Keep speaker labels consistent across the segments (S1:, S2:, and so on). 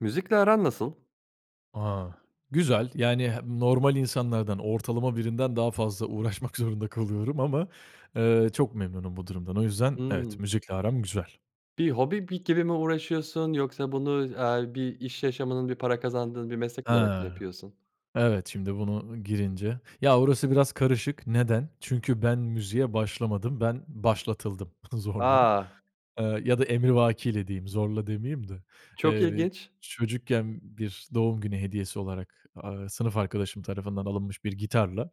S1: Müzikle aran nasıl?
S2: A! Güzel. Yani he normal insanlardan, ortalama birinden daha fazla uğraşmak zorunda kalıyorum ama, eee, çok memnunum bu durumdan. O yüzden evet,
S1: Hımm.
S2: müzikle aram güzel.
S1: Bir hobi bi gibi mi uğraşıyorsun yoksa bunu, aaa, bir iş yaşamının bir para kazandığın bir meslek olarak mı
S2: Ha!
S1: yapıyorsun?
S2: Evet. Şimdi bunu girince. Ya, orası biraz karışık. Neden? Çünkü ben müziğe başlamadım, ben başlatıldım zorla.
S1: A!
S2: Iıı ya da emrivakiyle, diyeyim; zorla, demeyeyim de.
S1: Çok
S2: Eee,
S1: ilginç.
S2: çocukken bir doğum günü hediyesi olarak, aaa, sınıf arkadaşım tarafından alınmış bir gitarla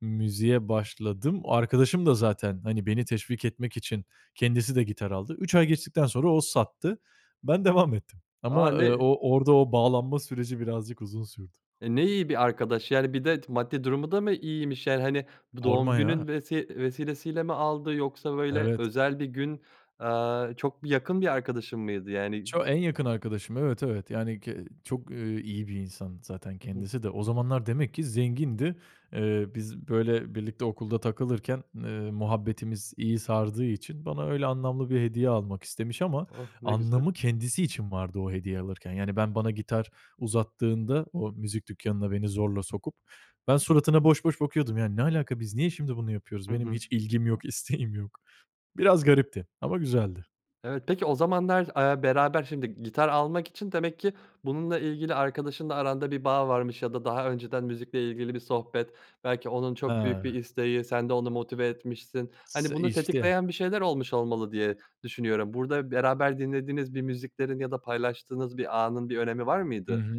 S2: müziğe başladım. Arkadaşım da zaten, hani, beni teşvik etmek için kendisi de gitar aldı. 3 ay geçtikten sonra o sattı. Ben devam ettim
S1: A!
S2: ama, ııı,
S1: Ne
S2: o orda o bağlanma süreci birazcık uzun sürdü.
S1: E, ne iyi bir arkadaş! Yani bir de t maddi durumu da mı iyiymiş? Yani hani bu doğum
S2: Sorma
S1: günün
S2: ya.
S1: vesi vesilesiyle mi aldı? Yoksa böyle
S2: Evet.
S1: özel bir gün, aaa, çok bir yakın bir arkadaşın mıydı yani?
S2: Ço en yakın arkadaşım. Evet, evet. Yani ki çok, ııı, iyi bir insan zaten
S1: Hı hı.
S2: kendisi de. O zamanlar demek ki zengindi. Iıı, biz, böyle, birlikte okulda takılırken, ııı, muhabbetimiz iyi sardığı için bana öyle anlamlı bir hediye almak istemiş ama
S1: Oh! Ne güzel.
S2: anlamı kendisi için vardı o hediye alırken. Yani ben bana gitar uzattığında o müzik dükkânına beni zorla sokup, ben suratına boş boş bakıyordum. Yani "Ne alaka? Biz niye şimdi bunu yapıyoruz?
S1: Hı
S2: Benim
S1: hı.
S2: hiç ilgim yok, isteğim yok." Biraz garipti ama güzeldi.
S1: Evet. Peki o zamanlar, aaa, beraber şimdi gitar almak için demek ki bununla ilgili arkadaşınla aranda bir bağ varmış ya da daha önceden müzikle ilgili bir sohbet belki onun çok büyük
S2: He!
S1: bir isteği sen de onu motive etmişsin.
S2: S
S1: Hani bunu
S2: işte.
S1: tetikleyen bir şeyler olmuş olmalı diye düşünüyorum burda beraber dinlediğiniz bir müziklerin ya da paylaştığınız bir anın bir önemi var
S2: Hı
S1: mıydı?
S2: hı.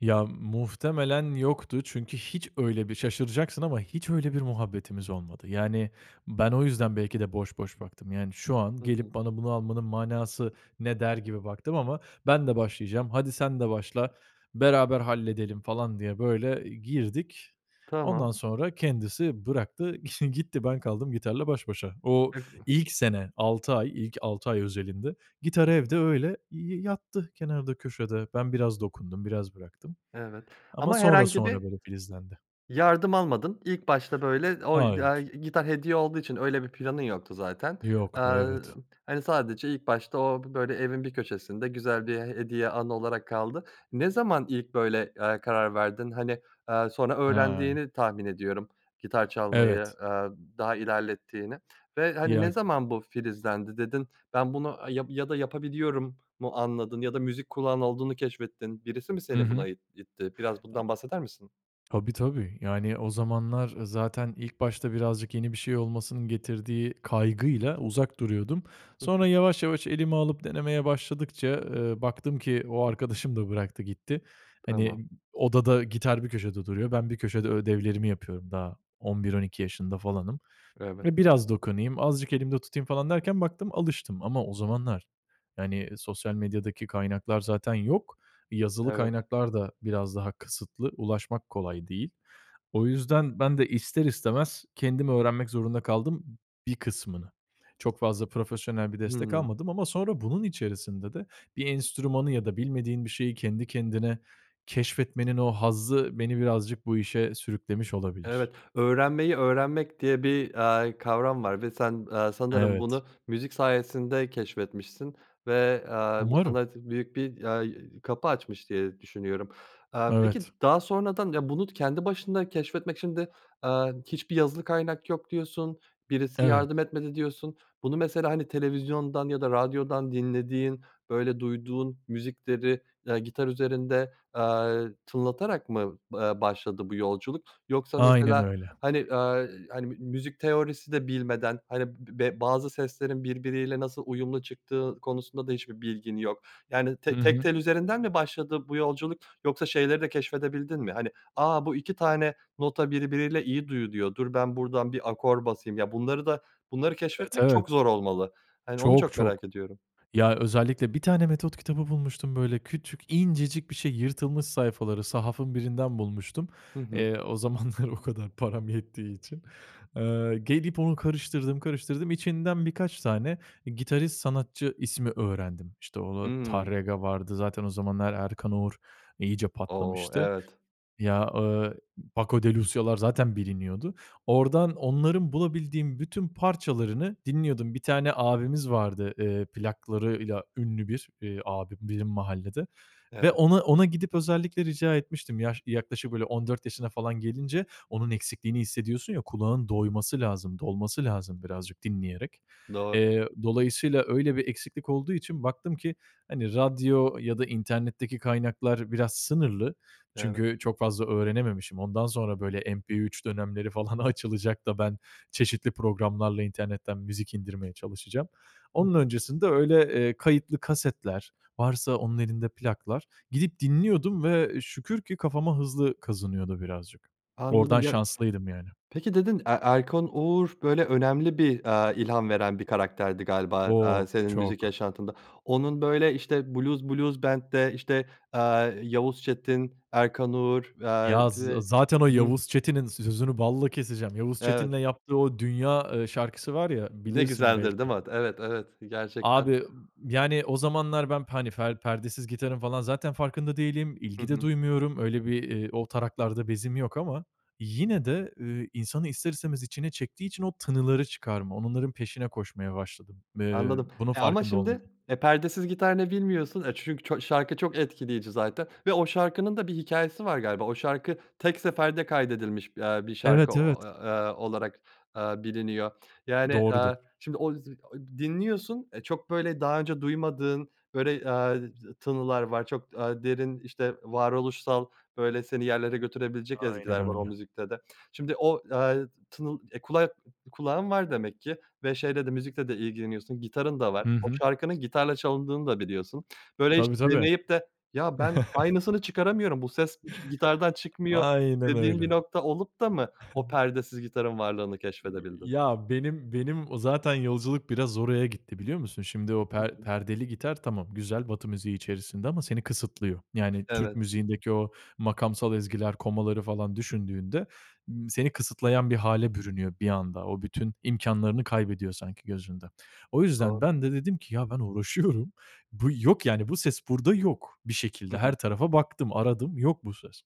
S2: Ya, muhtemelen yoktu çünkü hiç öyle bir şaşıracaksın ama hiç öyle bir muhabbetimiz olmadı. Yani ben o yüzden belki de boş boş baktım. Yani, "Şu an
S1: Hı hı.
S2: gelip bana bunu almanın manası ne?" der gibi baktım ama "Ben de başlayacağım, hadi sen de başla, beraber halledelim." falan diye böyle girdik.
S1: Tamam.
S2: Ondan sonra kendisi bıraktı, gitti ben kaldım gitarla baş başa. O
S1: [unintelligible]
S2: ilk sene, 6 ay, ilk 6 ay özelinde gitar
S1: Hı hı.
S2: evde öyle y yattı kenarda, köşede. Ben biraz dokundum, biraz bıraktım
S1: Evet
S2: ama
S1: ama
S2: sonra
S1: herhangi bir
S2: sonra böyle filizlendi.
S1: yardım almadın. İlk başta böyle oy ya
S2: Hayır.
S1: gitar hediye olduğu için öyle bir planın yoktu zaten.
S2: Yoktu,
S1: Aaa,
S2: evet.
S1: hani sadece ilk başta o b böyle evin bir köşesinde güzel bir he hediye, anı olarak kaldı. Ne zaman ilk böyle, aaa, karar verdin? Hani, aaa, sonra
S2: Ha.
S1: öğrendiğini tahmin ediyorum gitar çalmayı,
S2: Evet.
S1: aaa, daha ilerlettiğini ve hani
S2: Ya
S1: ne zaman bu filizlendi dedin? Ben bunu, eee, yap ya da "Yapabiliyorum." mu anladın ya da müzik kulağın olduğunu keşfettin. Birisi mi
S2: Hı
S1: seni
S2: hı.
S1: buna it
S2: [unintelligible]
S1: itti? Biraz bundan bahseder misin?
S2: Tabii tabii. Yani o zamanlar zaten ilk başta birazcık yeni bir şey olmasının getirdiği kaygıyla uzak duruyordum.
S1: Hı hı.
S2: Sonra yavaş yavaş elime alıp denemeye başladıkça, ııı, baktım ki o arkadaşım da bıraktı, gitti.
S1: Tamam.
S2: Hani, odada gitar bir köşede duruyor. Ben bir köşede ödevlerimi yapıyorum daha 11-12 yaşında falanım
S1: Evet.
S2: ve biraz dokunayım, azıcık elimde tutayım falan derken baktım alıştım ama o zamanlar yani sosyal medyadaki kaynaklar zaten yok. Yazılı
S1: Evet.
S2: kaynaklar da biraz daha kısıtlı, ulaşmak kolay değil. O yüzden ben de ister istemez kendim öğrenmek zorunda kaldım bir kısmını. Çok fazla profesyonel bir destek
S1: Hımm.
S2: almadım ama sonra bunun içerisinde de bir enstrümanı ya da bilmediğin bir şeyi kendi kendine keşfetmenin o hazzı beni birazcık bu işe sürüklemiş olabilir.
S1: Evet, "öğrenmeyi öğrenmek" diye bir, aaa, kavram var ve sen, aaa, sanırım
S2: Evet.
S1: bunu müzik sayesinde keşfetmişsin ve, aaa, bu
S2: Umarım.
S1: sana t büyük bir, aaa, y kapı açmış diye düşünüyorum. Aaa, peki d
S2: Evet.
S1: daha sonradan ya bunu kendi başına keşfetmek şimdi, aaa, hiçbir yazılı kaynak yok, diyorsun. Birisi
S2: Evet.
S1: yardım etmedi, diyorsun. Bunu mesela hani televizyondan ya da radyodan dinlediğin, böyle, duyduğun müzikleri, ııı, gitar üzerinde, aaa, tınlatarak mı, aaa, başladı bu yolculuk yoksa
S2: Aynen
S1: mesela
S2: öyle.
S1: hani, aaa, hani m müzik teorisi de bilmeden hani be bazı seslerin birbiriyle nasıl uyumlu çıktığı konusunda da hiçbir bilgin yok yani
S2: Hı
S1: te tek
S2: hı.
S1: tel üzerinden mi başladı bu yolculuk yoksa şeyleri de keşfedebildin mi? Hani "A! Bu 2 tane nota birbiriyle iyi duyuluyor. Dur, ben burdan bir akor basayım." Ya, bunları da bunları
S2: Evet,
S1: keşfetmek çok
S2: evet.
S1: zor olmalı. Hani onu
S2: Çok,
S1: çok
S2: çok.
S1: merak ediyorum.
S2: Ya, özellikle bir tane metot kitabı bulmuştum böyle küçük, incecik bir şey yırtılmış sayfaları, sahafın birinden bulmuştum,
S1: Hı hı.
S2: eee, o zamanlar o kadar param yettiği için. Aaa, gelip onu karıştırdım, karıştırdım içinden birkaç tane gitarist sanatçı ismi öğrendim. İşte, o
S1: Hımm.
S2: Tárrega vardı. Zaten o zamanlar Erkan Oğur iyice
S1: O!
S2: patlamıştı.
S1: Evet.
S2: Ya, ııı, Paco de Lucía´lar zaten biliniyordu. Ordan, onların bulabildiğim bütün parçalarını dinliyordum. Bir tane abimiz vardı, ııı, plaklarıyla ünlü bir, ııı, abim benim mahallede ve
S1: Evet.
S2: ona ona gidip özellikle rica etmiştim yaş yaklaşık böyle 14 yaşına falan gelince. Onun eksikliğini hissediyorsun ya. Kulağın doyması lazım, dolması lazım birazcık dinleyerek.
S1: Doğru.
S2: Eee, dolayısıyla öyle bir eksiklik olduğu için baktım ki hani radyo ya da internetteki kaynaklar biraz sınırlı.
S1: Evet.
S2: Çünkü çok fazla öğrenememişim. Ondan sonra böyle MP3 dönemleri falan açılacak da ben çeşitli programlarla internetten müzik indirmeye çalışacağım.
S1: Hı
S2: Onun
S1: hı.
S2: öncesinde öyle, ııı, kayıtlı kasetler, varsa onun elinde plaklar. Gidip dinliyordum ve şükür ki kafama hızlı kazınıyordu birazcık. Ordan
S1: Anladım ya.
S2: şanslıydım yani.
S1: Peki dedin E Erkan Oğur böyle önemli bir, aaa, ilham veren bir karakterdi galiba, aaa,
S2: Çok,
S1: senin müzik
S2: Çok.
S1: yaşantında. Onun böyle işte, Blues Blues Band'de, işte, aaa, Yavuz Çetin, Erkan Oğur. Aaa
S2: Ya z
S1: ve
S2: zaten o
S1: hı hı
S2: Yavuz Çetin'in, sözünü balla keseceğim, Yavuz
S1: Evet.
S2: Çetin'le yaptığı o, 'Dünya', ııı, şarkısı var ya,
S1: Ne
S2: bilirsin
S1: güzeldir, değil
S2: belki
S1: mi? Evet, evet. Gerçekten.
S2: Abi, yani o zamanlar ben p hani fer perdesiz gitarın falan zaten farkında değilim,
S1: Hı
S2: ilgi de
S1: hı.
S2: duymuyorum. Öyle bir, ııı, o taraklarda bezim yok ama yine de, ııı, insanı ister istemez içine çektiği için o tınıları çıkarma, onların peşine koşmaya başladım. Iıı,
S1: Anladım,
S2: bunun
S1: eee, ama
S2: farkında
S1: şimdi,
S2: olmadan.
S1: eee, perdesiz gitar ne bilmiyorsun, eee, çünkü ço şarkı çok etkileyici zaten ve o şarkının da bir hikâyesi var galiba. O şarkı tek seferde kaydedilmiş, aaa, bir şarkı
S2: Evet,
S1: o
S2: evet.
S1: ı aaa olarak, aaa, biliniyor. Yani,
S2: Doğrudur.
S1: aaa, şimdi o z o dinliyorsun, eee, çok böyle daha önce duymadığın böyle, aaa, t tınılar var. Çok, aaa, derin işte varoluşsal, böyle seni yerlere götürebilecek
S2: Aynen
S1: ezgiler var o
S2: öyle.
S1: müzikte de. Şimdi o, eee, tınıl, eee, kulak kulağın var demek ki ve şeyle de, müzikle de ilgileniyorsun, gitarın da var.
S2: Hı
S1: O
S2: hı.
S1: şarkının gitarla çalındığını da biliyorsun. Böyle hiç
S2: Tabii tabii.
S1: deneyip de ya ben aynısını çıkaramıyorum bu ses ş gitardan çıkmıyor
S2: Aynen
S1: dediğin bir
S2: öyle.
S1: nokta olup da mı o perdesiz gitarın varlığını
S2: Y
S1: keşfedebildin?
S2: ya benim benim o zaten yolculuk biraz oraya gitti, biliyor musun? Şimdi o
S1: Hı
S2: per
S1: hı.
S2: perdeli gitar tamam, güzel, Batı müziği içerisinde ama seni kısıtlıyor. Yani Türk
S1: Evet.
S2: müziğindeki o makamsal ezgiler, komaları falan düşündüğünde, ımm, seni kısıtlayan bir hâle bürünüyor bir anda. O bütün imkânlarını kaybediyor sanki gözünde. O
S1: Doğr
S2: yüzden ben de dedim ki ya, ben uğraşıyorum. Bu yok, yani, bu ses burda yok. Bir
S1: Hı
S2: şekilde
S1: hı.
S2: her tarafa baktım, aradım. Yok bu ses.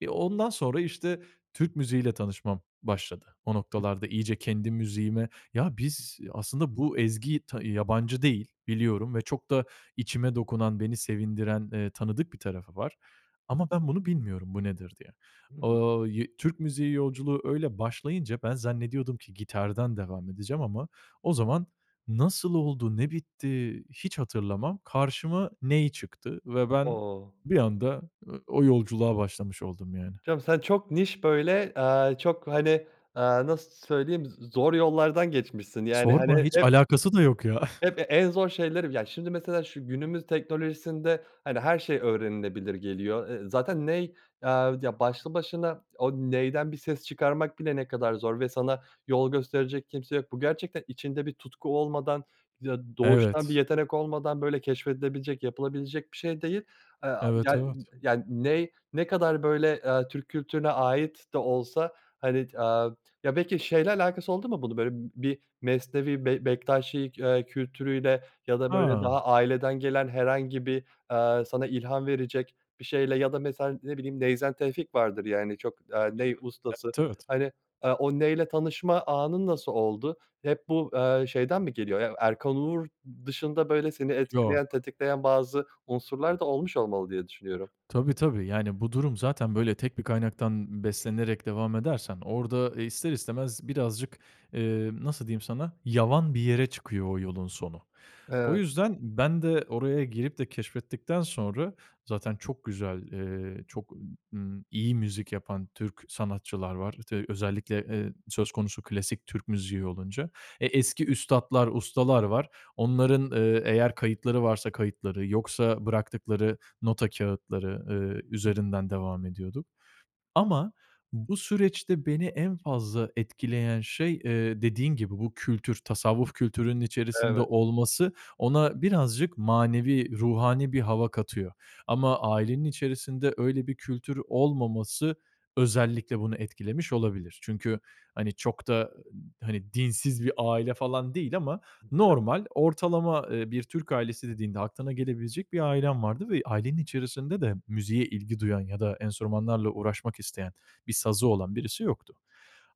S2: Eee, ondan sonra işte Türk müziği ile tanışmam başladı o
S1: Hı hı.
S2: noktalarda. İyice kendi müziğime "Ya, biz aslında bu ezgiyi t yabancı değil, biliyorum ve çok da içime dokunan, beni sevindiren, ııı, tanıdık bir tarafı var ama ben bunu bilmiyorum, bu nedir diye."
S1: Hı hı.
S2: Aaa, yı Türk müziği yolculuğu öyle başlayınca ben zannediyordum ki gitardan devam edeceğim ama o zaman nasıl oldu, ne bitti, hiç hatırlamam. Karşıma ney çıktı ve ben
S1: O!
S2: bir anda, ııı, o yolculuğa başlamış oldum yani.
S1: Canım sen çok niş böyle, aaa, çok hani, aaa, nasıl söyleyeyim z zor yollardan geçmişsin. Yani
S2: Sorma,
S1: hani
S2: hiç
S1: hep
S2: alakası da yok ya.
S1: hep e en zor şeyleri. Ya şimdi mesela şu günümüz teknolojisinde hani her şey öğrenilebilir geliyor. Iıı, zaten ney, aaa, ya başlı başına o neyden bir ses çıkarmak bile ne kadar zor ve sana yol gösterecek kimse yok. Bu gerçekten içinde bir tutku olmadan, ya doğuştan bir
S2: Evet.
S1: yetenek olmadan böyle keşfedilebilecek yapılabilecek bir şey değil. Aaa,
S2: Evet,
S1: yan
S2: evet.
S1: yani ney ne kadar böyle, aaa, Türk kültürüne ait de olsa hani, eee, ya belki şeyle alakası oldu mu bunun? Böyle b bir Mesnevi Bek Bektaşi, ııı, kültürüyle ya da böyle
S2: Ha.
S1: daha aileden gelen herhangi bir, aaa, sana ilham verecek bir şeyle ya da mesela ne bileyim Neyzen Tevfik vardır yani çok, aaa,
S2: Hı hı.
S1: ney ustası.
S2: Evet, evet.
S1: Hani, aaa, o neyle tanışma anın nasıl oldu? Hep bu, aaa, şeyden mi geliyor? Ya Erkan Oğur dışında böyle seni
S2: Yok.
S1: etkileyen, tetikleyen bazı unsurlar da olmuş olmalı diye düşünüyorum.
S2: Tabii tabii. Yani bu durum zaten böyle tek bir kaynaktan beslenerek devam edersen orda ister istemez birazcık, eee, nasıl diyeyim sana, yavan bir yere çıkıyor o yolun sonu. O
S1: Evet.
S2: yüzden ben de oraya girip de keşfettikten sonra zaten çok güzel, ııı, çok, ımm, iyi müzik yapan Türk sanatçılar var, işte, özellikle, ııı, söz konusu klasik Türk müziği olunca. Eee, e eski üstatlar, ustalar var. Onların, ııı, eğer kayıtları varsa kayıtları, yoksa bıraktıkları nota kâğıtları, ııı,
S1: Hıh.
S2: üzerinden devam ediyorduk. Ama bu süreçte beni en fazla etkileyen şey, ııı, dediğin gibi bu kültür, tasavvuf kültürünün içerisinde
S1: Evet.
S2: olması ona birazcık manevi, ruhani bir hava katıyor. Ama ailenin içerisinde öyle bir kültür olmaması özellikle bunu etkilemiş olabilir. Çünkü, hani, çok da hani dinsiz bir aile falan değil ama
S1: [unintelligible]
S2: normal, ortalama, ııı, bir Türk ailesi dediğinde aklına gelebilecek bir ailem vardı ve ailenin içerisinde de müziğe ilgi duyan ya da enstrümanlarla uğraşmak isteyen, bir sazı olan birisi yoktu.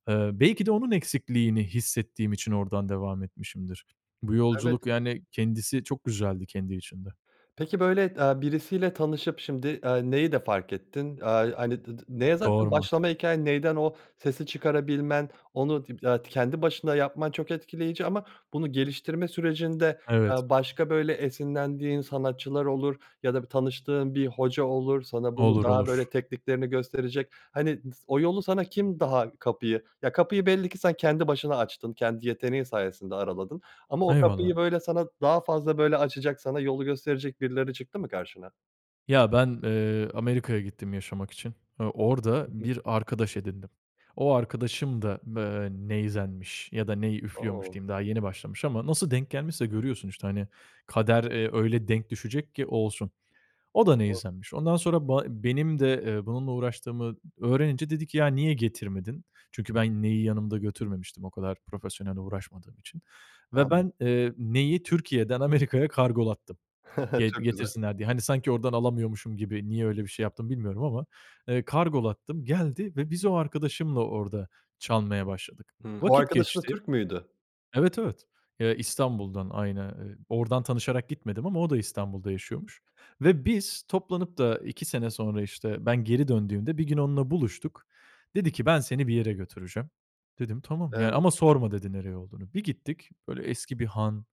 S2: Iıı, belki de onun eksikliğini hissettiğim için ordan devam etmişimdir. Bu
S1: Evet.
S2: yolculuk, yani kendisi çok güzeldi kendi içinde.
S1: Peki böyle, aaa, birisiyle tanışıp şimdi, aaa, neyi de fark ettin? Aaa, hani d d neye zaten
S2: Sorma.
S1: başlama hikâyen, neyden o sesi çıkarabilmen, onu diple eee kendi başında yapman çok etkileyici ama bunu geliştirme sürecinde,
S2: Evet.
S1: aaa, başka böyle esinlendiğin sanatçılar olur ya da tanıştığın bir hoca olur, sana bunu
S2: Olur,
S1: daha
S2: olur.
S1: böyle tekniklerini gösterecek hani s o yolu sana kim daha kapıyı, ya kapıyı belli ki sen kendi başına açtın. Kendi yeteneğin sayesinde araladın ama o kapıyı
S2: Eyvallah.
S1: böyle sana daha fazla böyle açacak, sana yolu gösterecek birileri çıktı mı karşına?
S2: Ya ben, ııı, Amerika'ya gittim yaşamak için. Iıı, orda
S1: Hı hı.
S2: bir arkadaş edindim. O arkadaşım da, ııı, neyzenmiş ya da ney üflüyormuş,
S1: O!
S2: diyeyim, daha yeni başlamış ama nasıl denk gelmişse... Görüyorsun işte. Hani kader,
S1: [unintelligible]
S2: ııı, öyle denk düşecek ki olsun. O da
S1: Doğru.
S2: neyzenmiş. Ondan sonra ba benim de, ııı, bununla uğraştığımı öğrenince dedi ki: "Ya, niye getirmedin?" Çünkü ben neyi yanımda götürmemiştim o kadar profesyonel uğraşmadığım için ve
S1: Anlad
S2: ben, ııı, neyi Türkiye'den Amerika'ya kargolattım ge
S1: Çok güzel.
S2: getirsinler diye. Hani sanki ordan alamıyormuşum gibi. Niye öyle bir şey yaptım, bilmiyorum ama, ııı, kargolattım. Geldi ve biz o arkadaşımla orda çalmaya başladık.
S1: Hı o
S2: Vakit
S1: arkadaşın da
S2: geçti.
S1: Türk müydü?
S2: Evet, evet. Iıı, İstanbul'dan, aynı, eee, ordan tanışarak gitmedim ama o da İstanbul'da yaşıyormuş ve biz toplanıp da 2 sene sonra, işte, ben geri döndüğümde bir gün onunla buluştuk. Dedi ki: "Ben seni bir yere götüreceğim." Dedim tamam yani.
S1: Evet.
S2: Ama sorma, dedi, nereye olduğunu. Bir gittik, böyle eski bir han.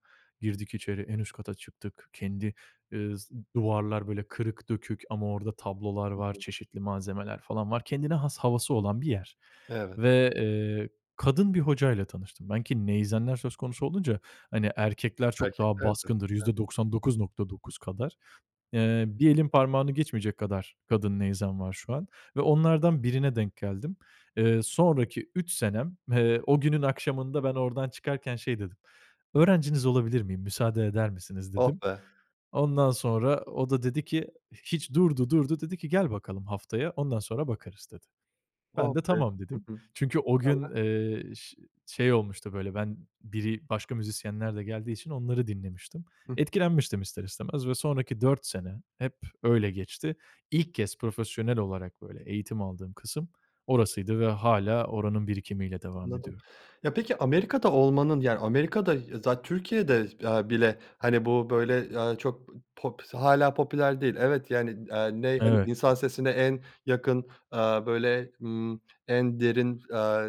S2: Girdik içeri, en üst kata çıktık. Kendi, ııı, s duvarlar böyle kırık, dökük ama orda tablolar
S1: Hı
S2: var,
S1: hı.
S2: çeşitli malzemeler falan var. Kendine has havası olan bir yer
S1: Evet.
S2: ve, ııı, kadın bir hocayla tanıştım ben. Ki neyzenler söz konusu olunca hani erkekler
S1: Fark
S2: çok daha
S1: etmezdin.
S2: baskındır,
S1: Evet.
S2: %99.9 kadar. Iıı, bir elin parmağını geçmeyecek kadar kadın neyzen var şu an ve onlardan birine denk geldim. Iıı, sonraki 3 senem, ııı, o günün akşamında ben ordan çıkarken şey dedim: "Öğrenciniz olabilir miyim, müsaade eder misiniz?"
S1: Oh
S2: dedim.
S1: be!
S2: Ondan sonra o da dedi ki hiç, durdu, durdu. Dedi ki: "Gel bakalım haftaya, ondan sonra bakarız" dedi.
S1: Oh
S2: Ben de
S1: be!
S2: tamam
S1: Hı
S2: dedim.
S1: hı.
S2: Çünkü o gün,
S1: Sonra?
S2: ııı, ş şey olmuştu böyle ben biri başka müzisyenler de geldiği için onları dinlemiştim.
S1: Hıh.
S2: Etkilenmiştim ister istemez ve sonraki 4 sene hep öyle geçti. İlk kez profesyonel olarak böyle eğitim aldığım kısım orasıydı ve hâlâ oranın birikimiyle devam
S1: Anladım.
S2: ediyorum.
S1: Ya peki Amerika'da olmanın yani Amerika'da ya zat Türkiye'de, aaa, bile hani bu böyle, aaa, çok, eee, pop hâlâ popüler değil. Evet yani, aaa, ney hani
S2: Evet.
S1: insan sesine en yakın, aaa, böyle, ımm, en derin, aaa,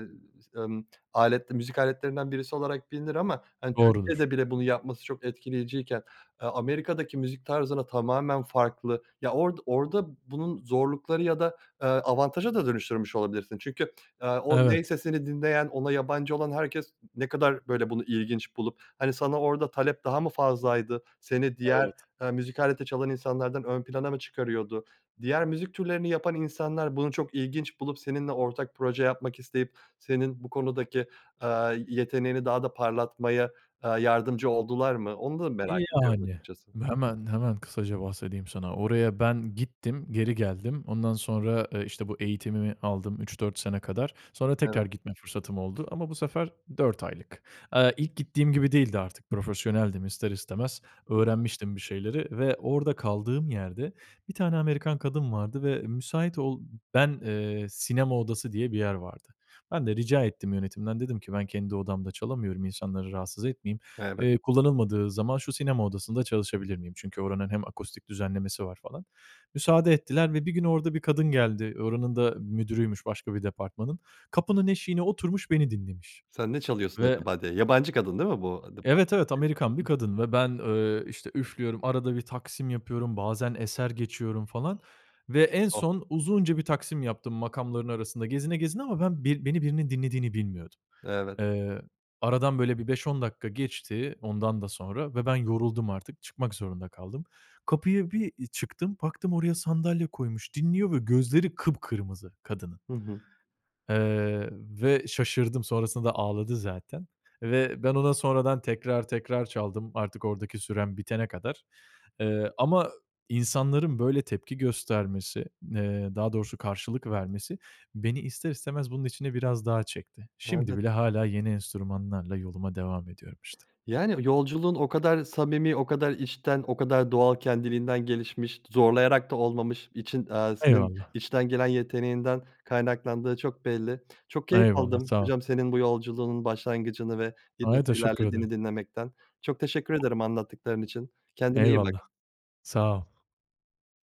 S1: ımm, aletli müzik aletlerinden birisi olarak bilinir ama hani
S2: Doğrudur.
S1: Türkiye'de bile bunu yapması çok etkileyiciyken A Amerika'daki müzik tarzına tamamen farklı, ya ord orda bunun zorlukları ya da, aaa, avantaja da dönüştürmüş olabilirsin. Çünkü, aaa, o ney
S2: Evet.
S1: sesini dinleyen, ona yabancı olan herkes ne kadar böyle bunu ilginç bulup hani sana orda talep daha mı fazlaydı? Seni diğer,
S2: Evet.
S1: aaa, müzik aleti çalan insanlardan ön plana mı çıkarıyordu? Diğer müzik türlerini yapan insanlar bunu çok ilginç bulup, seninle ortak proje yapmak isteyip, senin bu konudaki, aaa, yeteneğini daha da parlatmaya, aaa, yardımcı oldular mı? Onu da merak ediyorum
S2: Yani.
S1: açıkçası.
S2: Hemen, hemen kısaca bahsedeyim sana. Oraya ben gittim. Geri geldim. Ondan sonra, ııı, işte bu eğitimimi aldım 3-4 sene kadar. Sonra
S1: Evet.
S2: tekrar gitme fırsatım oldu ama bu sefer 4 aylık. Iıı, ilk gittiğim gibi değildi artık profesyoneldim ister istemez
S1: Hı hı.
S2: öğrenmiştim bir şeyleri ve orda kaldığım yerde 1 tane Amerikan kadın vardı ve müsait ol ben, ııı, sinema odası diye bir yer vardı. Ben de rica ettim yönetimden, dedim ki ben kendi odamda çalamıyorum insanları rahatsız etmeyeyim,
S1: Evet.
S2: ııı, kullanılmadığı zaman şu sinema odasında çalışabilir miyim? Çünkü oranın hem akustik düzenlemesi var falan. Müsaade ettiler ve bir gün orada bir kadın geldi oranın da müdürüymüş başka bir departmanın. Kapının eşiğine oturmuş beni dinlemiş
S1: Sen ne çalıyorsun
S2: ve
S1: acaba diye. Yabancı kadın, değil mi bu d bahsettiğin
S2: Evet, evet. Amerikan
S1: hı
S2: bir
S1: hı.
S2: kadın ve ben, eee, işte üflüyorum. Arada bir taksim yapıyorum. Bazen eser geçiyorum falan ve en
S1: Oh!
S2: son uzunca bir taksim yaptım makamların arasında gezine, gezine ama ben bir beni birinin dinlediğini bilmiyordum.
S1: Evet.
S2: Eee, aradan böyle bir 5-10 dakika geçti ondan da sonra ve ben yoruldum artık çıkmak zorunda kaldım. Kapıya bir çıktım baktım oraya sandalye koymuş dinliyor ve gözleri kıpkırmızı kadının.
S1: Hı hı.
S2: Eee, ve şaşırdım sonrasında ağladı zaten ve ben ona sonradan tekrar tekrar çaldım. Artık ordaki sürem bitene kadar. Iıı, ama insanların böyle tepki göstermesi, ııı, daha doğrusu karşılık vermesi beni ister istemez bunun içine biraz daha çekti. Şimdi
S1: Evet.
S2: bile hâlâ yeni enstrümanlarla yoluma devam ediyorum işte.
S1: Yani yolculuğun o kadar samimi, o kadar içten, o kadar doğal kendiliğinden gelişmiş, zorlayarak da olmamış. İçin eee senin
S2: Eyvallah.
S1: içten gelen yeteneğinden kaynaklandığı çok belli. Çok keyif
S2: Eyvallah,
S1: aldım
S2: sağ ol.
S1: hocam senin bu yolculuğunun başlangıcını ve, eee,
S2: Ay,
S1: nasıl
S2: teşekkür
S1: ilerlediğini
S2: ederim.
S1: dinlemekten. Çok teşekkür ederim anlattıkların için. Kendine iyi
S2: Eyvallah,
S1: bak.
S2: sağ ol.